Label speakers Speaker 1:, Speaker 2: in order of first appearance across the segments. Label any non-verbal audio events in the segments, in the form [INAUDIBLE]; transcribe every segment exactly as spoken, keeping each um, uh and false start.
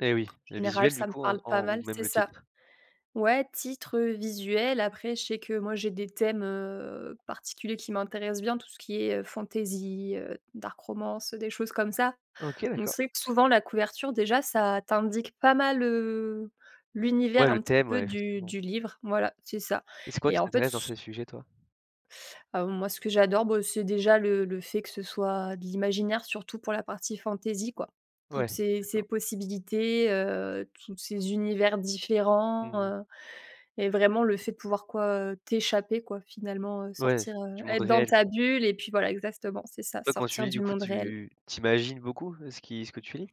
Speaker 1: Et oui. Le
Speaker 2: Général,
Speaker 1: visuel du
Speaker 2: ça me
Speaker 1: coup, en
Speaker 2: parle pas
Speaker 1: en ou
Speaker 2: mal,
Speaker 1: même
Speaker 2: c'est
Speaker 1: le
Speaker 2: ça.
Speaker 1: titre?
Speaker 2: Ouais, titre, heu, visuel. Après, je sais que moi, j'ai des thèmes, heu, particuliers qui m'intéressent bien. Tout ce qui est, heu, fantaisie, heu, dark romance, des choses comme ça.
Speaker 1: OK,
Speaker 2: On
Speaker 1: d'accord.
Speaker 2: sait que souvent, la couverture, déjà, ça t'indique pas mal, heu, l'univers
Speaker 1: Ouais,
Speaker 2: un
Speaker 1: le
Speaker 2: petit
Speaker 1: thème, ouais,
Speaker 2: peu du
Speaker 1: effectivement.
Speaker 2: du livre. Voilà, c'est ça,
Speaker 1: C'est quoi
Speaker 2: et
Speaker 1: qui
Speaker 2: en fait
Speaker 1: t'intéresse dans
Speaker 2: s
Speaker 1: ces sujets, toi?
Speaker 2: Ah bon, moi, ce que j'adore, bah, c'est déjà le le fait que ce soit de l'imaginaire, surtout pour la partie fantaisie, quoi. Toutes
Speaker 1: Ouais,
Speaker 2: ces ces
Speaker 1: d'accord.
Speaker 2: possibilités, heu, toutes ces univers
Speaker 1: Mmh
Speaker 2: différents,
Speaker 1: mh.
Speaker 2: heu, et vraiment le fait de pouvoir, quoi, heu, t'échapper, quoi, finalement, heu,
Speaker 1: Ouais,
Speaker 2: sortir, heu,
Speaker 1: du monde
Speaker 2: être dans
Speaker 1: réel,
Speaker 2: ta
Speaker 1: quoi.
Speaker 2: bulle, et puis voilà, exactement, c'est ça:
Speaker 1: Toi, quand tu
Speaker 2: sortir
Speaker 1: lis,
Speaker 2: du
Speaker 1: du coup,
Speaker 2: monde réel.
Speaker 1: tu tu imagines beaucoup ce qui ce que tu lis?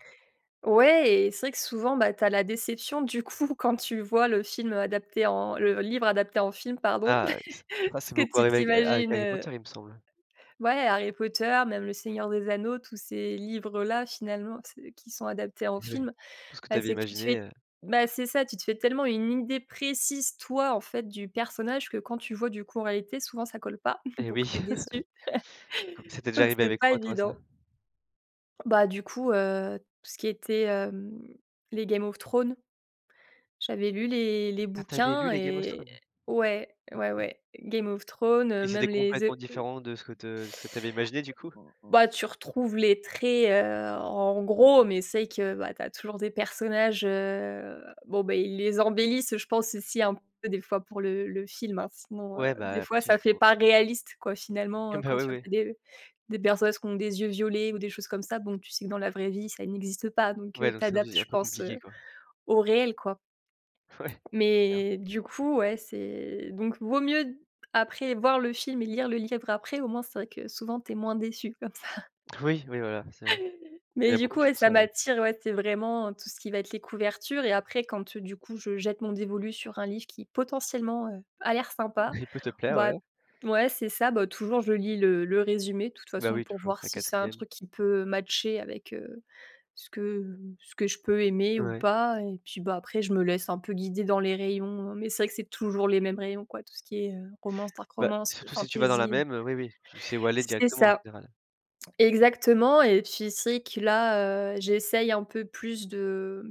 Speaker 2: Ouais et c'est vrai que souvent, bah, tu as la déception. Du coup, quand tu vois le film adapté en le livre adapté en film, pardon.
Speaker 1: Ah oui c
Speaker 2: [CHUCKLES]
Speaker 1: ça,
Speaker 2: Ce
Speaker 1: c'est
Speaker 2: que
Speaker 1: beaucoup
Speaker 2: tu
Speaker 1: arrivé avec, heu, avec
Speaker 2: t'imagines,
Speaker 1: Harry
Speaker 2: heu
Speaker 1: Potter, il me semble?
Speaker 2: Ouais, Harry Potter, même le Seigneur des Anneaux, tous ces livres-là, finalement, c'est qui sont adaptés en
Speaker 1: Et ouais.
Speaker 2: film,
Speaker 1: Tout ce que tu
Speaker 2: bah
Speaker 1: avais
Speaker 2: c'est que tu te
Speaker 1: imaginé,
Speaker 2: fais
Speaker 1: heu.
Speaker 2: bah c'est ça, tu te fais tellement une idée précise, toi, en fait, du personnage, que quand tu vois, du coup, en réalité, souvent ça colle pas, [CHUCKLES]
Speaker 1: Et
Speaker 2: donc
Speaker 1: oui.
Speaker 2: tu es déçu,
Speaker 1: [CHUCKLES] Co ça t'est déjà
Speaker 2: donc
Speaker 1: arrivé
Speaker 2: c'est
Speaker 1: avec
Speaker 2: pas
Speaker 1: quoi, toi, ça?
Speaker 2: évident. Bah, du coup, heu, tout ce qui était, hem, les Game of Thrones, j'avais lu les les
Speaker 1: Ah tu avais lu
Speaker 2: bouquins
Speaker 1: les Game of
Speaker 2: et
Speaker 1: Thrones?
Speaker 2: ouais, ouais,
Speaker 1: OK.
Speaker 2: ouais, Game of Thrones,
Speaker 1: Et
Speaker 2: heu,
Speaker 1: c'était
Speaker 2: même les, The
Speaker 1: complètement
Speaker 2: heu
Speaker 1: différent de ce que te ce que tu avais imaginé du coup?
Speaker 2: Bah, tu retrouves les traits, heu, en gros, mais c'est vrai que, bah, tu as toujours des personnages, heu, bon, bah, ils les embellissent, heu, je pense, aussi un peu des fois pour le le film, hein, sinon, heu,
Speaker 1: Ouais,
Speaker 2: des
Speaker 1: bah,
Speaker 2: fois,
Speaker 1: tout est
Speaker 2: ça fait
Speaker 1: faux
Speaker 2: pas
Speaker 1: quoi.
Speaker 2: réaliste, quoi, finalement,
Speaker 1: Eh
Speaker 2: heu,
Speaker 1: ben
Speaker 2: quand
Speaker 1: oui,
Speaker 2: tu vois
Speaker 1: oui.
Speaker 2: qu'il y a des, heu, des personnes qui ont des yeux violets ou des choses comme ça. Bon, tu sais que dans la vraie vie, ça n'existe pas, donc
Speaker 1: Ouais,
Speaker 2: heu, tu
Speaker 1: donc ça
Speaker 2: adaptes,
Speaker 1: faisait
Speaker 2: je
Speaker 1: un peu
Speaker 2: pense,
Speaker 1: compliqué,
Speaker 2: heu,
Speaker 1: quoi.
Speaker 2: au réel, quoi.
Speaker 1: Ouais, clair.
Speaker 2: Mais du coup, ouais, c'est donc vaut mieux, après, voir le film et lire le livre après. Au moins, c'est vrai que souvent, tu es moins déçu comme ça.
Speaker 1: Oui, oui, voilà, c'est vrai. Il y en
Speaker 2: Mais
Speaker 1: a
Speaker 2: du
Speaker 1: beaucoup
Speaker 2: coup,
Speaker 1: qui
Speaker 2: ouais,
Speaker 1: font
Speaker 2: ça
Speaker 1: ça, ouais.
Speaker 2: m'attire. Ouais, c'est vraiment tout ce qui va être les couvertures, et après, quand du coup je jette mon dévolu sur un livre qui potentiellement, heu, a l'air sympa,
Speaker 1: Il peut te plaire,
Speaker 2: bah
Speaker 1: ouais.
Speaker 2: t ouais, c'est ça. Bah, toujours, je lis le le résumé, de toute
Speaker 1: Bah,
Speaker 2: façon,
Speaker 1: oui,
Speaker 2: pour
Speaker 1: toujours,
Speaker 2: voir
Speaker 1: la
Speaker 2: si c'est un
Speaker 1: quatrième.
Speaker 2: truc qui peut matcher avec, heu, ce que ce que je peux aimer ou
Speaker 1: Ouais.
Speaker 2: pas, et puis bah, après, je me laisse un peu guider dans les rayons, mais c'est vrai que c'est toujours les mêmes rayons quoi, tout ce qui est, heu, romance, dark
Speaker 1: Bah,
Speaker 2: romance,
Speaker 1: surtout si tu vas dans la
Speaker 2: fantaisie.
Speaker 1: même, heu, oui, oui, tu sais où aller
Speaker 2: C'est
Speaker 1: directement en
Speaker 2: ça.
Speaker 1: général.
Speaker 2: Exactement, et puis, c'est vrai que là, j'essaye un peu plus de